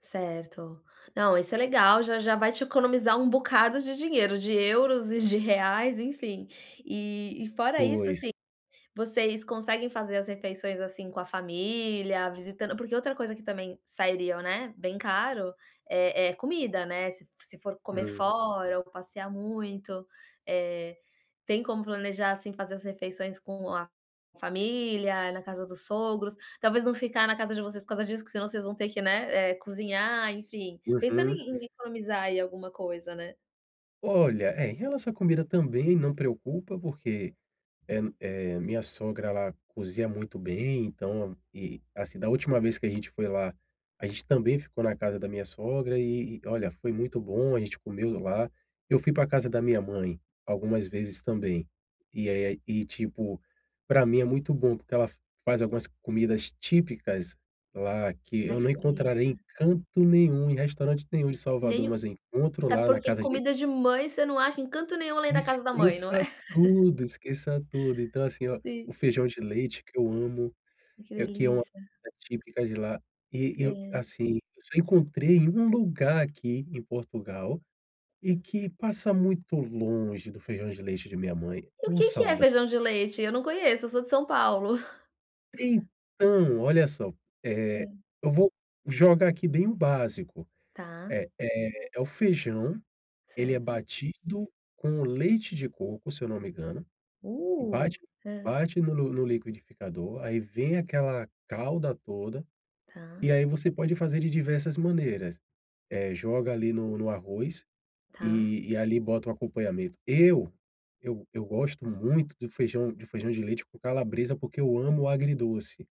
Certo, não, isso é legal, já já vai te economizar um bocado de dinheiro, de euros e de reais, enfim. E e fora isso, Pois. assim, vocês conseguem fazer as refeições, assim, com a família, visitando porque outra coisa que também sairia, né, bem caro, eh eh, comida, né. Se se for comer Uhum. fora ou passear muito, eh, tem como planejar, assim, fazer as refeições com a família, na casa dos sogros, talvez não ficar na casa de vocês por causa disso, porque senão vocês vão ter, né, eh, que cozinhar, enfim, pensando Uhum. em em economizar aí alguma coisa, né. Olha, é, em relação à comida também não preocupa porque, eh eh, minha sogra, ela cozinha muito bem, então, e, assim, da última vez que a gente foi lá, a gente também ficou na casa da minha sogra, e e olha, foi muito bom, a gente comeu lá. Eu fui pra casa da minha mãe algumas vezes também e aí, e, tipo, pra mim é muito bom, porque ela faz algumas comidas típicas lá que Né, eu que não encontrarei em delícia. canto nenhum, em restaurante nenhum de Nem Salvador, o mas eu encontro é lá na porque casa de comida de mãe você não acha em canto nenhum além da casa da mãe, não é. Esqueça tudo, esqueça tudo. Então, assim, ó, o Sim. feijão de leite que eu amo, Que eh, que é uma delícia. típica de lá, e e eu É. assim, eu só encontrei em um lugar aqui em Portugal e que passa muito longe do feijão de leite de minha mãe. E o Ô, que que é sauda feijão de leite? Eu não conheço, eu sou de São Paulo. Então, olha só, eh, Hum. eu vou jogar aqui bem o básico. Tá. Eh eh, é o feijão, ele é Certo. batido com o leite de coco, se eu não me engano, e Uh, bate, é. bate no no no liquidificador, aí vem aquela calda toda, Tá. e aí você pode fazer de diversas maneiras, eh, joga ali no no arroz, Tá. e e ali bota um acompanhamento. Eu, eu eu gosto muito de feijão de feijão de leite com calabresa, porque eu amo agridoce.